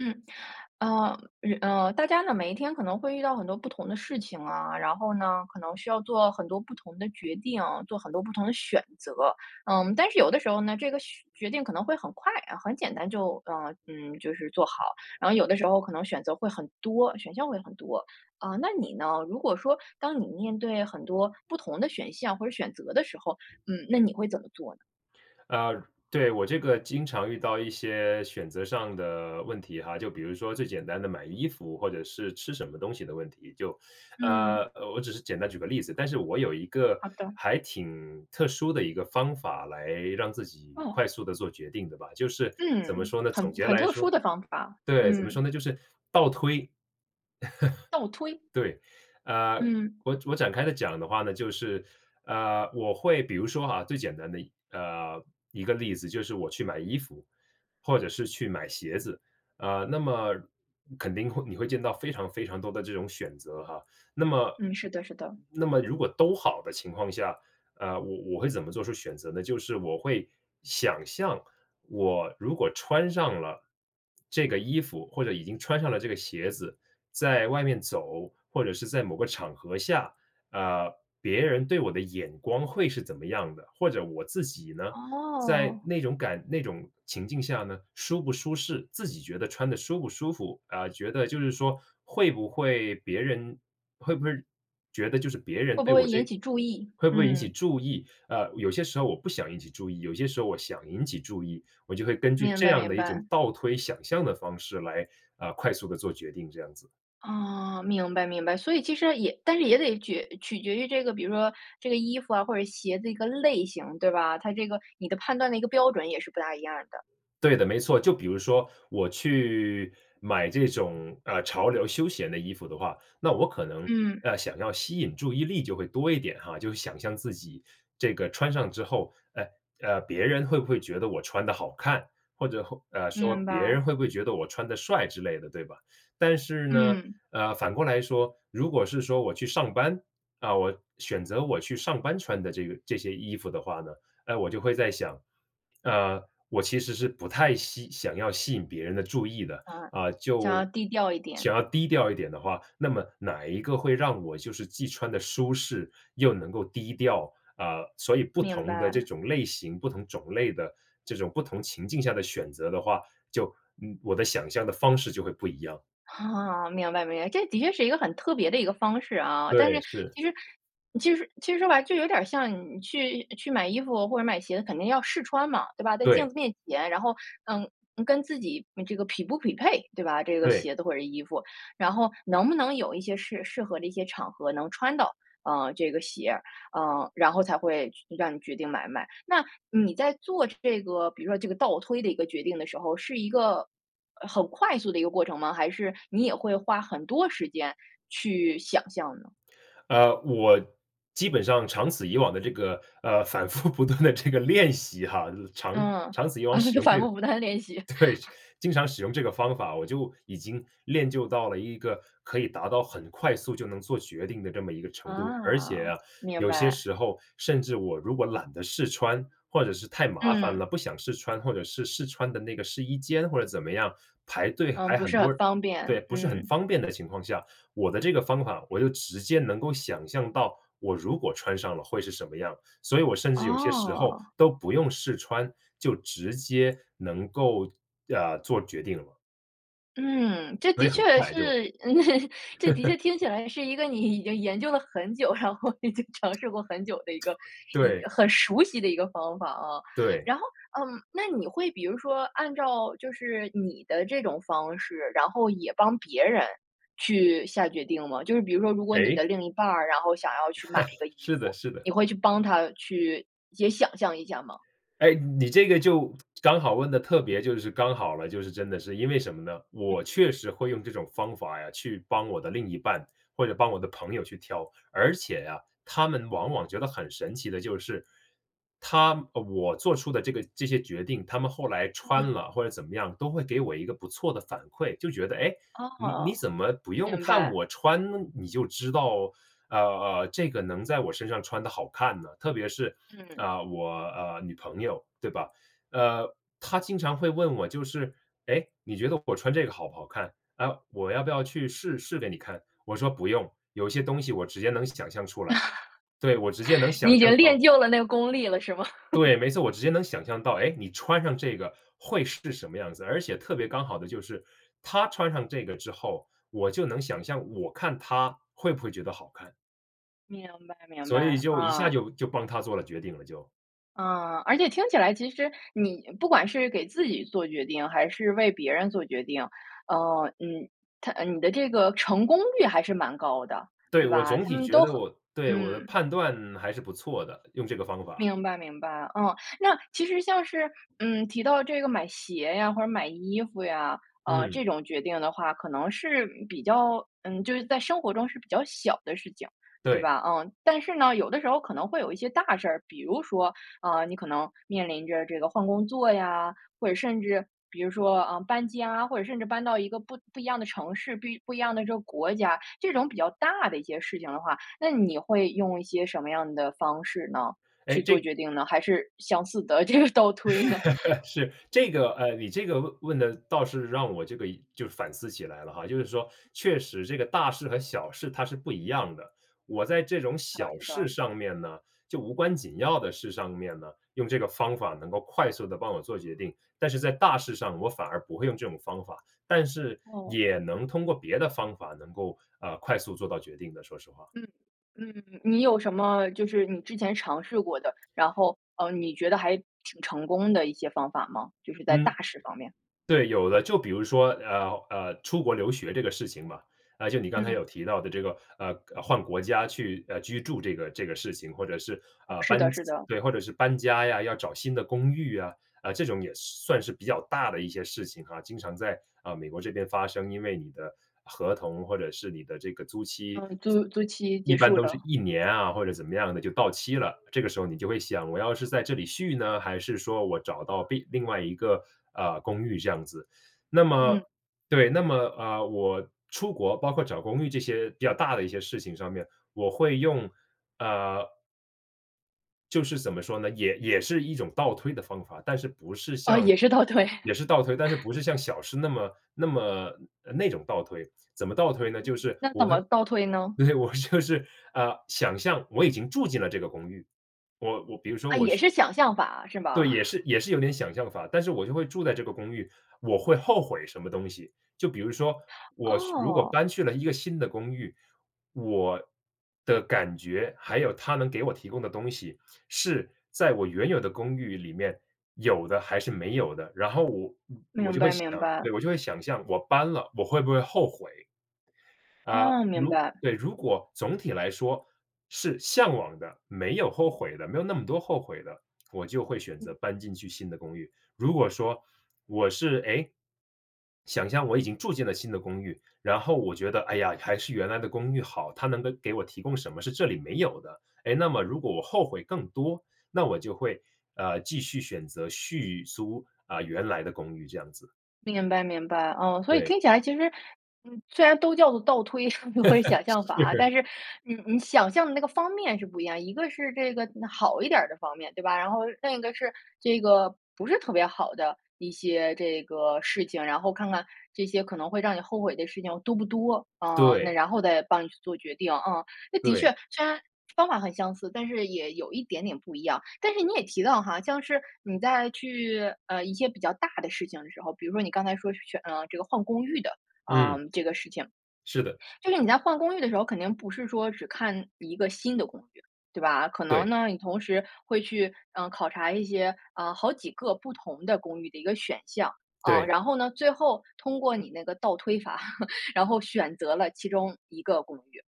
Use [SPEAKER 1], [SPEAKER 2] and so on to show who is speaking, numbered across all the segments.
[SPEAKER 1] 嗯，呃，嗯，呃，大家呢每一天可能会遇到很多不同的事情啊。然后呢，可能需要做很多不同的决定、做很多不同的选择。嗯，但是有的时候呢，这个选决定可能会很快啊，很简单就呃，嗯，就是做好，然后有的时候可能选择会很多、选项会很多。啊，那你呢？如果说当你面对很多不同的选项或者选择的时候，嗯，那你会怎么做呢？
[SPEAKER 2] 呃，对，我这个经常遇到一些选择上的问题哈。就比如说最简单的买衣服或者是吃什么东西的问题，就
[SPEAKER 1] 嗯。
[SPEAKER 2] 呃，我只是简单举个例子。但是我有一个
[SPEAKER 1] 好的。
[SPEAKER 2] 还挺特殊的一个方法来让自己
[SPEAKER 1] 哦。
[SPEAKER 2] 快速地做决定的吧，就是怎么
[SPEAKER 1] 嗯，
[SPEAKER 2] 说呢，
[SPEAKER 1] 很
[SPEAKER 2] 总结
[SPEAKER 1] 很
[SPEAKER 2] 来
[SPEAKER 1] 特殊
[SPEAKER 2] 说
[SPEAKER 1] 的方法，
[SPEAKER 2] 对，怎么说
[SPEAKER 1] 嗯。
[SPEAKER 2] 呢？就是倒推。
[SPEAKER 1] 倒推？
[SPEAKER 2] 对，啊，
[SPEAKER 1] 嗯。
[SPEAKER 2] 我我展开地讲的话呢，就是呃，我会比如说哈，最简单的呃，一个例子就是我去买衣服或者是去买鞋子，啊，那么肯定会你会见到非常非常多的这种选择哈。那么，
[SPEAKER 1] 嗯，是的，是的。
[SPEAKER 2] 那么如果都好的情况下，呃，我我会怎么做出选择呢？就是我会想象我如果穿上了这个衣服或者已经穿上了这个鞋子在外面走，或者是在某个场合下，啊，别人对我的眼光会是怎么样的？或者我自己呢，在
[SPEAKER 1] 哦。
[SPEAKER 2] 那种感那种情境下呢，舒不舒适，自己觉得穿得舒不舒服？啊，觉得就是说会不会别人会不会觉得就是别人
[SPEAKER 1] 会不
[SPEAKER 2] 对我
[SPEAKER 1] 会引
[SPEAKER 2] 这
[SPEAKER 1] 起注意，
[SPEAKER 2] 会不会引起
[SPEAKER 1] 嗯。
[SPEAKER 2] 注意？呃，有些时候我不想引起注意，有些时候我想引起注意。我就会根据
[SPEAKER 1] 明
[SPEAKER 2] 这
[SPEAKER 1] 白，
[SPEAKER 2] 样
[SPEAKER 1] 明
[SPEAKER 2] 的一种
[SPEAKER 1] 白。
[SPEAKER 2] 倒推想象的方式来呃，快速地做决定，这样子。
[SPEAKER 1] 哦，明白，明白，所以其实也但是也得决取决于这个，比如说这个衣服啊或者鞋的一个类型对吧？它这个你的判断的一个标准也是不大一样儿的。
[SPEAKER 2] 对的，没错。就比如说我去买这种，呃，潮流休闲的衣服的话，那我可能，
[SPEAKER 1] 嗯。
[SPEAKER 2] 呃，想要吸引注意力就会多一点，哈，就想象自己这个穿上之后，哎，啊，别人会不会觉得我穿得好看或者或，呃，说
[SPEAKER 1] 明
[SPEAKER 2] 别
[SPEAKER 1] 白。
[SPEAKER 2] 人会不会觉得我穿得帅之类的对吧？但是呢，
[SPEAKER 1] 嗯。
[SPEAKER 2] 呃，反过来说，如果是说我去上班，呃，我选择我去上班穿的这个这些衣服的话呢，呃，我就会在想，呃，我其实是不太吸想要吸引别人的注意的，
[SPEAKER 1] 呃，
[SPEAKER 2] 呃，
[SPEAKER 1] 想要
[SPEAKER 2] 就
[SPEAKER 1] 低调一点。
[SPEAKER 2] 想要低调一点的话，那么哪一个会让我就是既穿得舒适又能够低调，啊，所以不
[SPEAKER 1] 明
[SPEAKER 2] 同的这
[SPEAKER 1] 白。
[SPEAKER 2] 种类型、不同种类的这种不同情境下的选择的话，就嗯我的想象的方式就会不一样。
[SPEAKER 1] 啊，明白，明白，这的确是一个很特别的一个方式啊。但是
[SPEAKER 2] 对，是。
[SPEAKER 1] 其实其实其实说白，就有点儿像你去去买衣服或者买鞋子，肯定要试穿嘛，对吧？在镜
[SPEAKER 2] 对。
[SPEAKER 1] 子面前，然后，嗯，跟自己嗯这个匹不匹配，对吧？这个
[SPEAKER 2] 对。
[SPEAKER 1] 鞋子或者是衣服，然后能不能有一些适适合的一些场合能穿到，呃，这个鞋儿，呃，然后才会让你决定买不买，那你在做这个比如说，这个倒推的一个决定的时候，是一个呃，很快速的一个过程吗？还是你也会花很多时间去想象呢？
[SPEAKER 2] 呃，我基本上长此以往的这个，呃，反复不断地这个练习哈，长
[SPEAKER 1] 嗯，
[SPEAKER 2] 长此以往使 用
[SPEAKER 1] 反
[SPEAKER 2] 这个对，
[SPEAKER 1] 复不断地练习。
[SPEAKER 2] 经常使用这个方法，我就已经练就到了一个可以达到很快速就能做决定的这么一个程度。而且
[SPEAKER 1] 啊，
[SPEAKER 2] 啊，
[SPEAKER 1] 明
[SPEAKER 2] 有些
[SPEAKER 1] 白。
[SPEAKER 2] 时候甚至我如果懒得试穿，或者是太麻烦了
[SPEAKER 1] 嗯。
[SPEAKER 2] 不想试穿，或者是试穿的那个试衣间或者怎么样，排队
[SPEAKER 1] 嗯，
[SPEAKER 2] 排
[SPEAKER 1] 不
[SPEAKER 2] 很
[SPEAKER 1] 是
[SPEAKER 2] 多
[SPEAKER 1] 很
[SPEAKER 2] 人
[SPEAKER 1] 方
[SPEAKER 2] 对，
[SPEAKER 1] 便，
[SPEAKER 2] 不是很
[SPEAKER 1] 嗯。
[SPEAKER 2] 方便的情况下，我的这个方法我就直接能够想象到我如果穿上了会是什么样，所以我甚至有些时候
[SPEAKER 1] 哦。
[SPEAKER 2] 都不用试穿，就直接能够呃，做决定了。
[SPEAKER 1] 嗯，这
[SPEAKER 2] 所
[SPEAKER 1] 的
[SPEAKER 2] 以很
[SPEAKER 1] 确是，
[SPEAKER 2] 快就
[SPEAKER 1] 这的确 听起来也是一个你已经研究了很久，然后已经尝试过很久的一个
[SPEAKER 2] 对。
[SPEAKER 1] 一
[SPEAKER 2] 对。
[SPEAKER 1] 很熟悉的一个方法啊。
[SPEAKER 2] 对。
[SPEAKER 1] 然后嗯，那你会比如说按照就是你的这种方式，然后也帮别人去下决定吗？就是比如说如果你的
[SPEAKER 2] 诶？
[SPEAKER 1] 另一半儿，然后想要去买一个 衣
[SPEAKER 2] 是的，
[SPEAKER 1] 服，
[SPEAKER 2] 是的。
[SPEAKER 1] 你会去帮她去也想象一下吗？
[SPEAKER 2] 哎，你这个就刚好问得特别就是刚好了，就是真的是，因为什么呢？
[SPEAKER 1] 嗯。
[SPEAKER 2] 我确实会用这种方法呀，去帮我的另一半，或者帮我的朋友去挑，而且呀，他们往往觉得很神奇的就是，他啊，我做出的这个这些决定，他们后来穿
[SPEAKER 1] 嗯。
[SPEAKER 2] 了或者怎么样都会给我一个不错的反馈，就觉得：“诶，你你
[SPEAKER 1] 哦，
[SPEAKER 2] 怎么不用
[SPEAKER 1] 明
[SPEAKER 2] 看
[SPEAKER 1] 白。
[SPEAKER 2] 我穿呢，你就知道呃，呃，这个能在我身上穿得好看呢？”特别是
[SPEAKER 1] 嗯。
[SPEAKER 2] 啊我啊女朋友，对吧？呃，她经常会问我就是：“诶，你觉得我穿这个好不好看？啊，我要不要去试试给你看？”我说：“不用，有些东西我直接能想象出来。”对，我直接能
[SPEAKER 1] 你
[SPEAKER 2] 想
[SPEAKER 1] 已
[SPEAKER 2] 象
[SPEAKER 1] 经练
[SPEAKER 2] 到
[SPEAKER 1] 就了那个功力了，是吗？
[SPEAKER 2] 对，没错，我直接能想象到，哎，你穿上这个会是什么样子。而且特别刚好的就是她穿上这个之后，我就能想象我看她会不会觉得好看。
[SPEAKER 1] 明白，明白，
[SPEAKER 2] 所以就一
[SPEAKER 1] 啊。
[SPEAKER 2] 下就就帮她做了决定了就。
[SPEAKER 1] 嗯，而且听起来其实你不管是给自己做决定，还是为别人做决定。呃，嗯，它呃，你的这个成功率还是蛮高的，
[SPEAKER 2] 对，
[SPEAKER 1] 对
[SPEAKER 2] 我
[SPEAKER 1] 吧？
[SPEAKER 2] 总
[SPEAKER 1] 他
[SPEAKER 2] 体
[SPEAKER 1] 们
[SPEAKER 2] 觉
[SPEAKER 1] 都
[SPEAKER 2] 得
[SPEAKER 1] 很
[SPEAKER 2] 我对，我的
[SPEAKER 1] 嗯。
[SPEAKER 2] 判断还是不错的，用这个方法。
[SPEAKER 1] 明白，明白，嗯，那其实像是嗯，提到这个买鞋呀，或者买衣服呀，呃，
[SPEAKER 2] 嗯。
[SPEAKER 1] 这种决定的话可能是比较嗯，就是在生活中是比较小的事情，对
[SPEAKER 2] 对。
[SPEAKER 1] 吧？嗯，但是呢，有的时候可能会有一些大事儿，比如说，啊，你可能面临着这个换工作呀，或者甚至比如说啊搬家，或者甚至搬到一个不不一样的城市，不不一样的这个国家，这种比较大的一些事情的话，那你会用一些什么样的方式呢？去
[SPEAKER 2] 诶，这
[SPEAKER 1] 做决定呢？还是相似的这个倒推呢？
[SPEAKER 2] 是。这个呃，你这个问问的倒是让我这个就是反思起来了哈，就是说确实这个大事和小事它是不一样的。我在这种
[SPEAKER 1] 嗯，
[SPEAKER 2] 小
[SPEAKER 1] 是
[SPEAKER 2] 事
[SPEAKER 1] 的。
[SPEAKER 2] 上面呢，就无关紧要的事上面呢，用这个方法能够快速地帮我做决定，但是在大事上，我反而不会用这种方法，但是
[SPEAKER 1] 哦，
[SPEAKER 2] 也
[SPEAKER 1] 嗯。
[SPEAKER 2] 能通过别的方法能够，呃，快速做到决定的说实话。
[SPEAKER 1] 嗯，嗯。你有什么就是你之前尝试过的，然后呃，你觉得还挺成功的一些方法吗？就是在
[SPEAKER 2] 嗯。
[SPEAKER 1] 大事方面。
[SPEAKER 2] 对，有的，就比如说呃，呃，出国留学这个事情嘛。啊，就你刚才
[SPEAKER 1] 嗯。
[SPEAKER 2] 有提到的这个呃，换国家去呃，居住这个这个事情，或者是
[SPEAKER 1] 哦，
[SPEAKER 2] 啊
[SPEAKER 1] 是的，
[SPEAKER 2] 搬
[SPEAKER 1] 是的。
[SPEAKER 2] 叽或者是搬家呀，要找新的公寓啊，啊，这种也算是比较大的一些事情哈，经常在啊美国这边发生。因为你的合同或者是你的这个租期，
[SPEAKER 1] 嗯，租租期
[SPEAKER 2] 一
[SPEAKER 1] 结
[SPEAKER 2] 般
[SPEAKER 1] 束
[SPEAKER 2] 都是
[SPEAKER 1] 了。
[SPEAKER 2] 1年啊，或者怎么样的就到期了。这个时候你就会想我要是在这里续呢？还是说我找到另另外一个呃，公寓这样子。那么
[SPEAKER 1] 嗯。
[SPEAKER 2] 对，那么呃，我出国包括找公寓这些比较大的一些事情上面，我会用，啊就是怎么说呢，也也是一种倒推的方法，但是不是
[SPEAKER 1] 哦，
[SPEAKER 2] 像
[SPEAKER 1] 也是倒推。
[SPEAKER 2] 也是倒推，但是不是像小事那么那么那种倒推，怎么倒推呢？就是
[SPEAKER 1] 那
[SPEAKER 2] 我
[SPEAKER 1] 怎
[SPEAKER 2] 会
[SPEAKER 1] 么倒推呢？
[SPEAKER 2] 对，我说的是呃，想象我已经住进了这个公寓，我我比如说
[SPEAKER 1] 啊，
[SPEAKER 2] 我
[SPEAKER 1] 也
[SPEAKER 2] 去
[SPEAKER 1] 是想象法，是
[SPEAKER 2] 对，也
[SPEAKER 1] 吧？
[SPEAKER 2] 是也是有点想象法，但是我就会住在这个公寓，我会后悔什么东西？就比如说我去如果
[SPEAKER 1] 哦。
[SPEAKER 2] 搬去了一个新的公寓，我的感觉还有它能给我提供的东西，是在我原有的公寓里面有的还是没有的。然后我我
[SPEAKER 1] 明
[SPEAKER 2] 就会
[SPEAKER 1] 白，
[SPEAKER 2] 想
[SPEAKER 1] 明白。
[SPEAKER 2] 对，我就会想象我搬了，我会不会后悔？啊，
[SPEAKER 1] 哦，明
[SPEAKER 2] 如
[SPEAKER 1] 白。
[SPEAKER 2] 对，如果总体来说是向往的，没有后悔的没有那么多后悔的，我就会选
[SPEAKER 1] 嗯。
[SPEAKER 2] 择搬进去新的公寓。如果说我是哎，想象我已经住进了新的公寓，然后我觉得，哎呀，还是原来的公寓好，它能给给我提供什么是这里没有的。哎，那么如果我后悔更多，那我就会呃，继续选择续租啊原来的公寓这样子。
[SPEAKER 1] 明白，明白。啊，所以
[SPEAKER 2] 对。
[SPEAKER 1] 听起来其实，虽然都叫做倒推，或者想象法 啊，
[SPEAKER 2] 是。
[SPEAKER 1] 但是，嗯，你想象的那个方面是不一样。一个是这个好一点儿的方面，对吧？然后另一个是，这个不是特别好的一些这个事情，然后看看这些可能会让你后悔的事情多不多，啊，那
[SPEAKER 2] 对。
[SPEAKER 1] 然后再帮你去做决定啊。那的确，
[SPEAKER 2] 对。
[SPEAKER 1] 虽然方法很相似，但是也有一点点不一样，但是你也提到哈，像是你在去，呃，一些比较大的事情的时候，比如说你刚才说是去嗯，这个换公寓的，啊，
[SPEAKER 2] 嗯。
[SPEAKER 1] 这个事情。
[SPEAKER 2] 是的。
[SPEAKER 1] 就是你在换公寓的时候，肯定不是说只看一个新的公寓，对吧，可能
[SPEAKER 2] 对。
[SPEAKER 1] 呢，你同时会去，呃，考察一些，啊，好几个不同的公寓的一个选项。啊，
[SPEAKER 2] 对。
[SPEAKER 1] 然后呢，最后通过你那个倒推法，然后选择了其中一个公寓，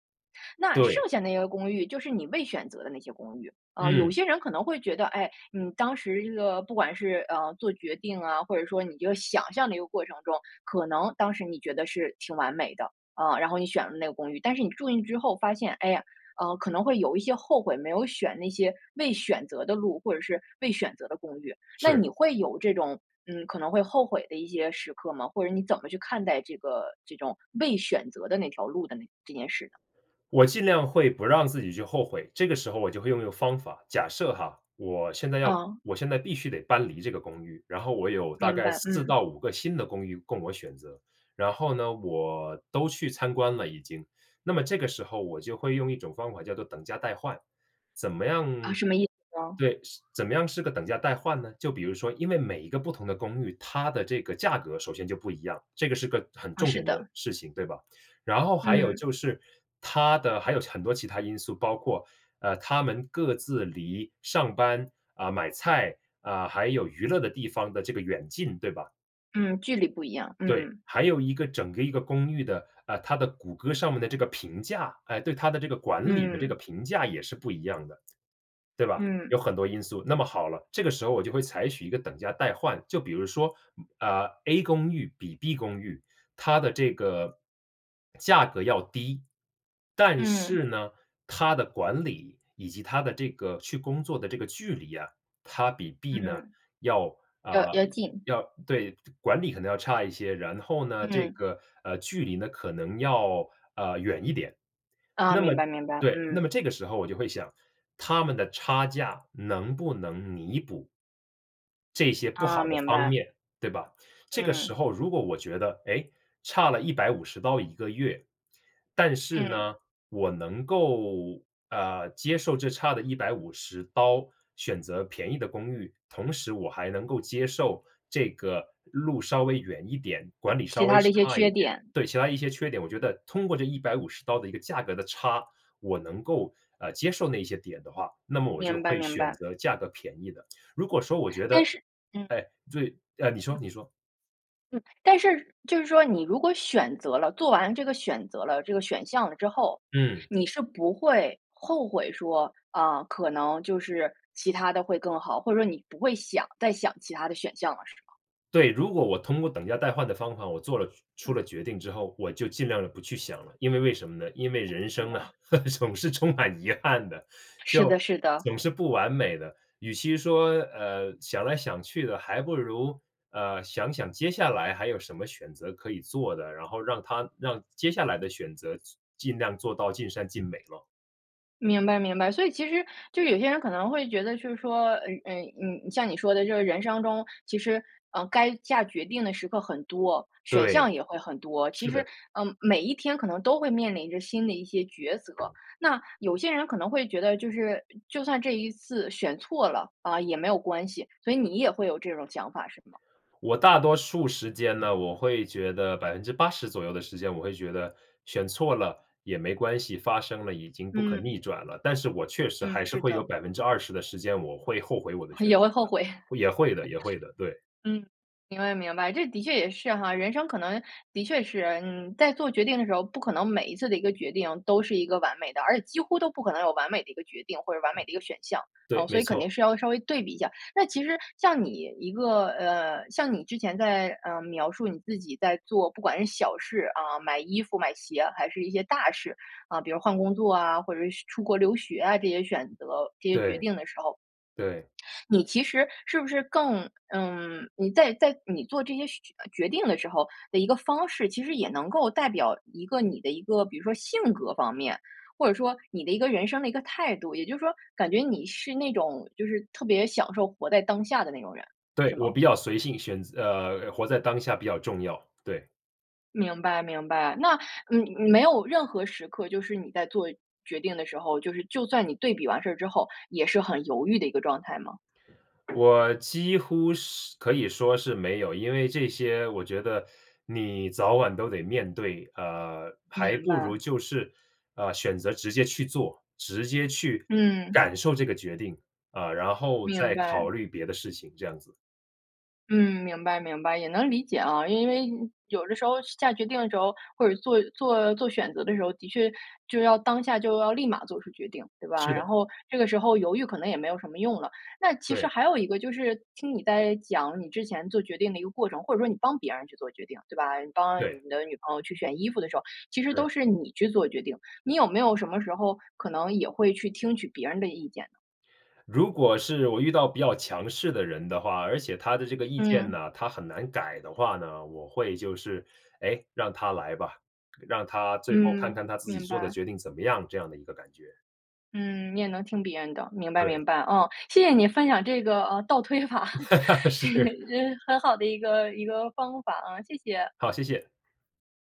[SPEAKER 1] 那剩
[SPEAKER 2] 对。
[SPEAKER 1] 下那个公寓，就是你未选择的那些公寓。啊，有
[SPEAKER 2] 嗯。
[SPEAKER 1] 些人可能会觉得，哎，你当时这个不管是，呃，做决定啊，或者说你这个想象的一个过程中，可能当时你觉得是挺完美的，啊，然后你选了那个公寓，但是你住进去之后发现，哎呀，呃，可能会有一些后悔，没有选那些未选择的路，或者是未选择的公寓。那你
[SPEAKER 2] 是。
[SPEAKER 1] 会有这种，嗯，可能会后悔的一些时刻吗，或者你怎么去看待这个这种未选择的那条路的那这件事呢？
[SPEAKER 2] 我尽量会不让自己去后悔，这个时候我就会用一个方法。假设哈，我现在要
[SPEAKER 1] 嗯。
[SPEAKER 2] 我现在必须得搬离这个公寓，然后我有大
[SPEAKER 1] 明
[SPEAKER 2] 概
[SPEAKER 1] 白，
[SPEAKER 2] 4
[SPEAKER 1] 嗯。
[SPEAKER 2] 到5个新的公寓供我选择，然后呢，我都去参观了已经。那么这个时候，我就会用一种方法叫做等价代换。怎么
[SPEAKER 1] 啊，
[SPEAKER 2] 样
[SPEAKER 1] 什么意思呢？
[SPEAKER 2] 对，是怎么样是个等价代换呢？就比如说，因为每一个不同的公寓，它的这个价格首先就不一样，这个是个很
[SPEAKER 1] 啊，
[SPEAKER 2] 重
[SPEAKER 1] 是
[SPEAKER 2] 点的
[SPEAKER 1] 的。
[SPEAKER 2] 事情，对吧？然后还有
[SPEAKER 1] 嗯。
[SPEAKER 2] 就是，它的还有很多其他因素，包括，呃，它们各自离上班，啊，买菜，啊，还有娱乐的地方的这个远近，对吧？
[SPEAKER 1] 嗯，距离不一样，
[SPEAKER 2] 对，
[SPEAKER 1] 嗯。
[SPEAKER 2] 还有一个整个一个公寓的啊，它的谷歌上面的这个评价，哎，对它的这个管理的这个
[SPEAKER 1] 嗯。
[SPEAKER 2] 评价也是不一样的，对吧？
[SPEAKER 1] 嗯。
[SPEAKER 2] 有很多因素。那么好了，这个时候我就会采取一个等价代换，就比如说，啊 A 公寓比 B 公寓，它的这个 价格要低，但
[SPEAKER 1] 嗯。
[SPEAKER 2] 是呢，它的管理以及它的这个去工作的这个距离呀，它比 B 呢
[SPEAKER 1] 嗯。
[SPEAKER 2] 要
[SPEAKER 1] 又
[SPEAKER 2] 呃，
[SPEAKER 1] 又近。
[SPEAKER 2] 要对，管理可能要差一些，然后呢，这
[SPEAKER 1] 嗯。
[SPEAKER 2] 个呃距离呢可能要呃远一点。
[SPEAKER 1] 啊，
[SPEAKER 2] 那么
[SPEAKER 1] 明白，明白，
[SPEAKER 2] 对，那
[SPEAKER 1] 嗯。
[SPEAKER 2] 么这个时候我就会想，它们的差价能不能弥补。这些不
[SPEAKER 1] 啊，
[SPEAKER 2] 好的
[SPEAKER 1] 明
[SPEAKER 2] 方
[SPEAKER 1] 白。
[SPEAKER 2] 面，对吧？这个
[SPEAKER 1] 嗯。
[SPEAKER 2] 时候如果我觉得，哎，差了$1501个月，但是
[SPEAKER 1] 嗯。
[SPEAKER 2] 呢，我能够呃，接受这差的$150选择便宜的公寓，同时我还能够接受这个路稍微远一点，管理稍
[SPEAKER 1] 其
[SPEAKER 2] 微
[SPEAKER 1] 他的一些
[SPEAKER 2] 差一
[SPEAKER 1] 缺
[SPEAKER 2] 点
[SPEAKER 1] 点。
[SPEAKER 2] 对，其他一些缺点，我觉得通过这$150的一个价格的差，我能够呃接受那些点的话，那么我就
[SPEAKER 1] 明白，
[SPEAKER 2] 会
[SPEAKER 1] 明
[SPEAKER 2] 选
[SPEAKER 1] 白。
[SPEAKER 2] 择价格便宜的。如果说我觉
[SPEAKER 1] 但
[SPEAKER 2] 得
[SPEAKER 1] 是，嗯。
[SPEAKER 2] 哎，对呃，你说，
[SPEAKER 1] 嗯。
[SPEAKER 2] 你说。
[SPEAKER 1] 嗯，但是就是说你如果选择了做完这个选择了这个选项了之后，
[SPEAKER 2] 嗯。
[SPEAKER 1] 你是不会后悔说，啊，可能就是其它的会更好。或者说你不会想再想其它的选项了是吗？
[SPEAKER 2] 对，如果我通过等价代换的方法，我做了出
[SPEAKER 1] 嗯。
[SPEAKER 2] 了决定之后，我就尽量地不去想了。因为为什么呢？因为
[SPEAKER 1] 哦，
[SPEAKER 2] 人
[SPEAKER 1] 明
[SPEAKER 2] 生啊，
[SPEAKER 1] 白。
[SPEAKER 2] 总是充满遗憾的，
[SPEAKER 1] 是
[SPEAKER 2] 就
[SPEAKER 1] 的，是的。
[SPEAKER 2] 总是不完美的。与其说呃，想来想去的，还不如呃想想接下来还有什么选择可以做的，然后让它让接下来的选择做尽量做到尽善尽美么。
[SPEAKER 1] 明白，明白。所以其实就有些人可能会觉得就是说，呃，呃，嗯，像你说的这个人生中，其实嗯，该下决定的时刻很多，选项
[SPEAKER 2] 对，
[SPEAKER 1] 也会很多。其
[SPEAKER 2] 是
[SPEAKER 1] 实
[SPEAKER 2] 的。
[SPEAKER 1] 嗯每一天可能都会面临着新的一些抉择，那有些人可能会觉得就是就算这一次选错了，啊，也没有关系，所以你也会有这种想法是吗？
[SPEAKER 2] 我大多数时间呢，我会觉得80%左右的时间我会觉得选错了也没关系，发生了已经不可
[SPEAKER 1] 嗯。
[SPEAKER 2] 逆转了。但是我确实
[SPEAKER 1] 嗯，
[SPEAKER 2] 还是
[SPEAKER 1] 是
[SPEAKER 2] 会有
[SPEAKER 1] 的。
[SPEAKER 2] 20%的时间，我会后悔我的选
[SPEAKER 1] 也
[SPEAKER 2] 择
[SPEAKER 1] 会后
[SPEAKER 2] 的。
[SPEAKER 1] 悔。
[SPEAKER 2] 也会的，也会的，对。
[SPEAKER 1] 嗯，明白，明白，这的确也是哈。人生可能的确是嗯，在做决定的时候，不可能每一次的一个决定都是一个完美的，而且几乎都不可能有完美的一个决定或者完美的一个选项。
[SPEAKER 2] 对，
[SPEAKER 1] 嗯，所
[SPEAKER 2] 没
[SPEAKER 1] 以肯定
[SPEAKER 2] 错。
[SPEAKER 1] 是要稍微对比一下。那其实像你一个呃，像你之前在呃，描述你自己在做，不管是小事啊，买衣服买鞋还是一些大事，啊，比如换工作啊，或者是出国留学啊这些选择，这些决
[SPEAKER 2] 对，
[SPEAKER 1] 定的时候。
[SPEAKER 2] 对。
[SPEAKER 1] 你其实是不是更嗯，你在在你做这些选决定的时候的一个方式，其实也能够代表一个你的一个比如说性格方面，或者说你的一个人生的一个态度。也就是说感觉你是那种就是特别享受活在当下的那种人，
[SPEAKER 2] 对，
[SPEAKER 1] 是吗？
[SPEAKER 2] 我比较随性，选择呃，活在当下比较重要，对。
[SPEAKER 1] 明白，明白。那你你没有任何时刻，就是你在做决定的时候，就是就算你对比完事儿之后，也是很犹豫的一个状态吗？
[SPEAKER 2] 我几乎是可以说是没有。因为这些我觉得你早晚都得面对，呃，还
[SPEAKER 1] 明
[SPEAKER 2] 不
[SPEAKER 1] 白。
[SPEAKER 2] 如就是呃，选择直接去做，直接去
[SPEAKER 1] 嗯。
[SPEAKER 2] 感受这个决定，啊，然后
[SPEAKER 1] 明
[SPEAKER 2] 再考
[SPEAKER 1] 白。
[SPEAKER 2] 虑别的事情，这样子。
[SPEAKER 1] 嗯，明白，明白。也能理解啊，因为有的时候下决定的时候或者做做做选择的时候，的确就要当下就要立马做出决定，对吧？
[SPEAKER 2] 是
[SPEAKER 1] 然
[SPEAKER 2] 的。
[SPEAKER 1] 后这个时候犹豫可能也没有什么用了。那其实
[SPEAKER 2] 对。
[SPEAKER 1] 还有一个就是听你在讲你之前做决定的一个过程，或者说你帮别人去做决定，对吧？你帮
[SPEAKER 2] 对。
[SPEAKER 1] 你的女朋友去选衣服的时候，其实
[SPEAKER 2] 是。
[SPEAKER 1] 都是你去做决定。你有没有什么时候可能也会去听取别人的意见呢？
[SPEAKER 2] 如果是我遇到比较强势的人的话，而且他的这个意见
[SPEAKER 1] 嗯。
[SPEAKER 2] 呢，他很难改的话呢，我会就是，哎，让他来吧，让他最后看
[SPEAKER 1] 嗯，
[SPEAKER 2] 看他自己
[SPEAKER 1] 明
[SPEAKER 2] 做的
[SPEAKER 1] 白。
[SPEAKER 2] 决定怎么样这样的一个感觉。
[SPEAKER 1] 嗯，你也能听别人的，明白，
[SPEAKER 2] 对。
[SPEAKER 1] 明白，嗯。谢谢你分享这个啊倒推法，这是
[SPEAKER 2] 是。
[SPEAKER 1] 很好的一个一个方法啊，谢谢。
[SPEAKER 2] 好，谢谢。